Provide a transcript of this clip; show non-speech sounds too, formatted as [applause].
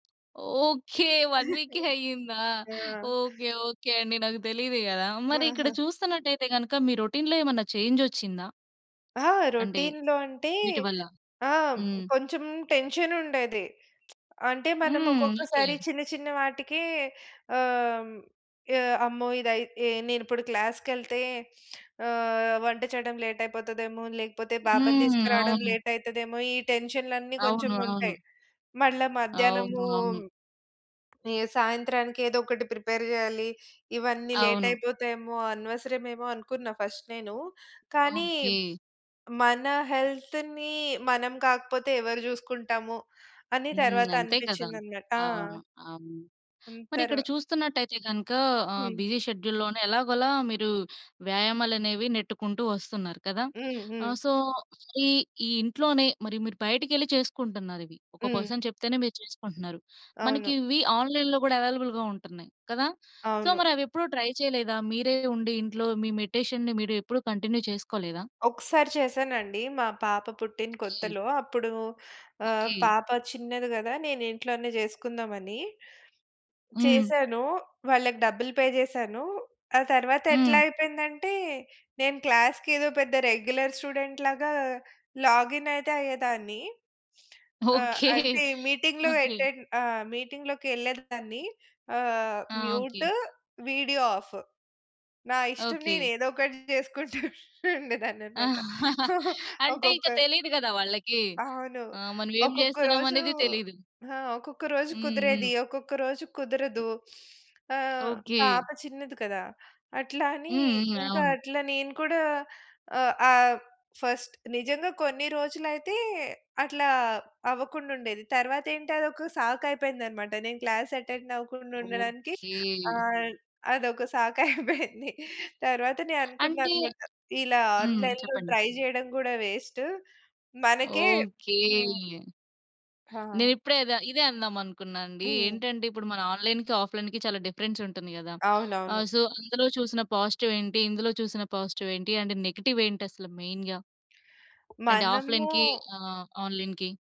Okay. 1 వీకే [chuckles] అయిందా? ఆ! Okay. Okay అండి. నాకు తెలీదు గదా! మరిక్కడ ఆహా! చూస్తున్నట్టయితే గనుక మీ రొటీన్‌లో ఏమన్నా చేంజొచ్చిందా? ఆ! అంటే, రొటీన్‌‌లో అంటే వీటి వల్ల? ఆ! హ్మ్. కొంచెం టెన్షన్ ఉండేది. [smacks lips] అంటే మనం హ్మ్. ఓకె. ఒక్కొక్కసారి చిన్న చిన్న వాటికే ఆహ్, హ్మ్, ఆహ్, అమ్మో! నేను ఇప్పుడు క్లాస్‌కెళ్తే ఆహ్, వంట చేయడం లేట్ అయిపోతదేమో! లేకపోతే పాపను హ్మ్. తీసుకురావడం అవును. లేట్ అయితదేమో! ఈ టెన్షన్‌లన్నీ కొంచెం అవును. అవును. ఉంటాయి. మళ్ళా అవును. మధ్యాహ్నము అవును. ఏ సాయంత్రానికి ఏదో ఒకటి ప్రిపేర్ జేయాలి. ఇవన్నీ లేట్ అవును. అయిపోతాయేమో! అనవసరమేమో అనుకున్నా ఫస్ట్ నేను. కానీ ఓకే. మన హెల్త్‌ని మనం కాకపోతే ఎవరు చూసుకుంటాము అని హ్మ్. తరువాత అంతే కదా! అనిపిచ్చిందన్న ఆ! అవును. అవును. హ్మ్. మరిక్కడ తర్వ్ చూస్తున్నట్టయితే గనుక ఆహ్, హ్మ్. బిజీ షెడ్యూల్‌ లోనే ఎలాగోలా మీరు వ్యాయామాలనేవి నెట్టుకుంటూ వస్తున్నారు కదా! హ్మ్. హ్మ్. ఆహ్, సో, ఈ ఈ ఇంట్లోనే మరి మీరు బయటికెళ్ళి చేసుకుంటున్నారవి. ఒక హ్మ్. పర్సన్ చెప్తేనే మీరు చేసుకుంటున్నారు. అవును. మనకివి ఆన్‌లైన్‌లో గూడా అవైలబుల్‌గా ఉంటున్నాయి కదా? సో, అవును. మరివి ఎప్పుడూ ట్రై చేయలేదా? మీరే ఉండి ఇంట్లో మీ మెడిటేషన్‌ని మీరెప్పుడూ కంటిన్యూ చేసుకోలేదా? ఒకసారి చేశానండి. మా పాప పుట్టిన ఓకె. కొత్తలో అప్పుడు. ఆహ్, ఓకే. పాప చిన్నది గదా! నేను ఇంట్లోనే చేసుకుందామని, హ్మ్. చేశాను. వాళ్ళకి డబ్బులు పే చేశాను. ఆ తరువాత ఎట్లా హ్మ్. అయిపోయిందంటే నేను క్లాస్‌కి ఏదో పెద్ద రెగ్యులర్ స్టూడెంట్‌లాగా లాగిన్ అయితే అయ్యేదాన్ని. ఆహ్, ఓకే. అంటే [chuckles] మీటింగ్‌లు ఓకే. ఎటన్ మీటింగ్‌లోకెళ్ళేదాన్ని ఆహ్, ఆ! ఓకే. మ్యూటు, వీడియో ఆఫ్ నా ఇష్టం నేను ఓకే. ఏదో ఒకటి చేసుకుంటుండేదాన్నన్నమాట. [chuckles] అంటే ఒక్కొక్క ఇక తెలీదు గదా! వాళ్ళకి. అవును. ఆ! మనమేం ఒక్కొక్క రోజు చేస్తున్నామనేదే తెలీదు. హా! ఒక్కొక్క రోజు హ్మ్. కుదిరేది. హ్మ్. ఒక్కొక్క రోజు హ్మ్. కుదరదు. ఆహ్, ఓకే. పాప చిన్నది కదా! అట్లా అని హ్మ్. హ్మ్. ఇంకా అవును. అట్లా నేను కూడా ఆహ్, ఆహ్, ఫస్ట్ నిజంగా కొన్ని రోజులైతే అట్లా అవ్వకుండుండేది. తరువాతేంటి అదొక సాకు అయిపోయింది అన్నమాట. నేను క్లాస్ అటెండ్ అవ్వకుండుండడానికి ఓకే. ఆహ్, అదొక సాకైపోయింది. తరువాత నేను అంటే అనుకున్నానన్నమాట ఇలా హ్మ్. ఆన్‌లైన్‌లో చెప్పండి. ట్రై చేయడం గూడా వేస్ట్ మనకే హ్మ్. ఓకే. హా! నేనిప్పుడే ఇద్ ఇదే అందామనుకున్నానండి. హ్మ్. ఏంటంటే ఇప్పుడు మన ఆన్‌లైన్‌కి, ఆఫ్‌లైన్‌కి చాలా డిఫరెన్స్ ఉంటుంది గదా! అవునవును. ఆహ్, సో అందులో చూసిన పాజిటివ్ ఏంటి? ఇందులో చూసిన పాజిటివ్ ఏంటి నెగెటివ్ ఏంటసలు మెయిన్‌గా? అండ్ ఆఫ్‌లైన్‌కి మనము ఆహ్, ఆన్‌లైన్‌కి.